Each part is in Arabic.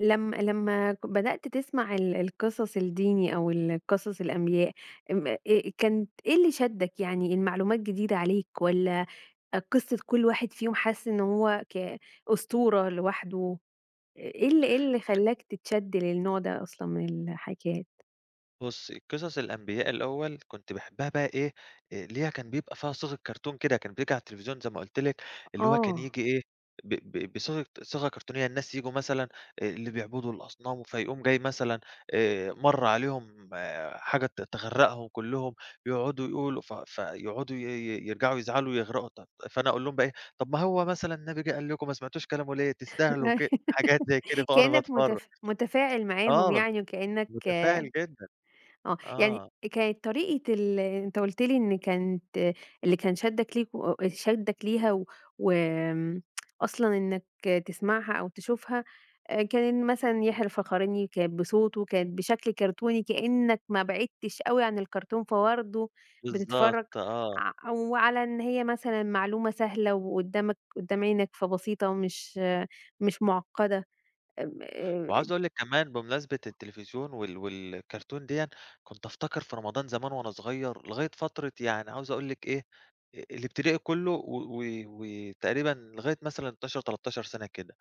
لم لمّا ك بدأت تسمَع ال القِصَص الديني أو ال قِصَص الأنبياء أم آآ، كانت إيه اللي شدّك يعني المعلومات جديدة عليك والّا قِصّة كلّ واحد فيهم حاسس إن هو ك أسطورة لوحده آآ، إيه ال إيه اللي [unintelligible] خلّاك تتشد للنوع ده أصلًا من الحكيات؟ بُصّي، قِصَص الأنبياء الأول كنت باحبّها بقى إيه، آآ اللي هي كان بيبقى فيها صيغة cartoon كده كان بييجي على التليفزيون زي ما قُلت لِك، اللي هو كان آه. ييجي إيه، ب ب بصيغة صيغة كرتونية الناس ييجوا مثلًا آآ اللي بيعبدوا الأصنام فيقوم جاي مثلًا آآ مَرّ عليهم حاجة ت تغرّقهم كُلّهم، يقعُدوا يقولوا ف ف يقعُدوا ي ي يرجَعوا يزعَلوا ويغرَقوا، طيب، فأنا أقُول لهم بقى إيه، طَب ما هو مثلًا النبي جِه قال لكم ما سمعتوش كلامه ليه؟ تستاهلوا أيوة ك حاجات زي كده بقى وأنا كأنك باتفرج. متف متفاعِل معاهم آه، يعني وكأنك آه متفاعِل جدًا، يعني آه. كانت طريقة ال أنت قُلت لي إن كانت اللي كان شدّك ليه آآ شدّك ليها و وآمم أصلًا إنك تسمَعها أو تشوفها آآ كان إن مثلًا يحيى الفخراني كانت بصوته كانت بشكل كرتوني كأنك ما بعِدتش أوي عن الكرتون فبرضه بتتفرّج بالضبط، آه. ع وعلى إن هي مثلًا معلومة سهلة وقُدّامك، قدّام عينك، فبسيطة مش مش مُعقّدة م آآ وعاوز أقُول لِك كمان بمناسبة التليفزيون وال والcartoon دِيًا، كنت أفتكَر في رمضان زمان وأنا صغيّر لغاية فترة يعني عاوز أقُول لِك إيه أ الإبتدائي كُلّه و و وتقريبًا لغاية مثلًا 12، 13 سَنة كده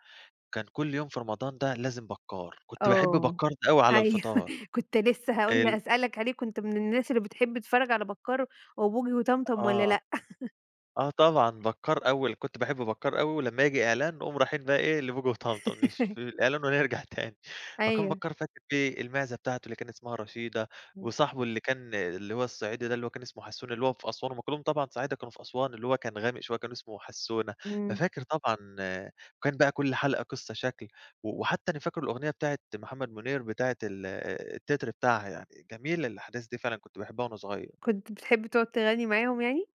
كان كلّ يوم في رمضان ده لازم بَكّار، كنت باحب آه، بَكّار ده أوي على أيوه الفِطار، كنت لسه هاقول حلو. هاسألك عليه، كنت من الناس اللي بتحب تتفرّج على بكّار وبوجي وطمطم والّا آه، لأ؟ آه، طبعًا، بكّار أول كنت باحب بكّار أوي ولمّا ييجي إعلان نقوم رايحين بقى إيه، لبوجي وطمطم نشوف في الإعلان ونرجَع تاني، فكان أيوه. بكّار فاكر فيه المعزة بتاعته اللي كان إسمها رشيدة [unintelligible] وصاحبه اللي كان آآ، اللي هو الصعيدي ده اللي هو كان إسمه حسّونة، اللي هو في أسوان هُم كُلّهم طبعًا صعايدة كانوا في أسوان اللي هو كان غامق شوية كان إسمه حسّونة، إمم. ففاكر طبعًا وكان بقى كلّ حلقة قَصّة شكل و وحتى أنا فاكر الأُغنية بتاعة محمد منير بتاعة ال التِّتر بتاعها، يعني جميلة الأحداث دي فعلًا، كنت باحبها وأنا صغيّرة. كنت بتحب تقعُد تغنّي معاهم يعني؟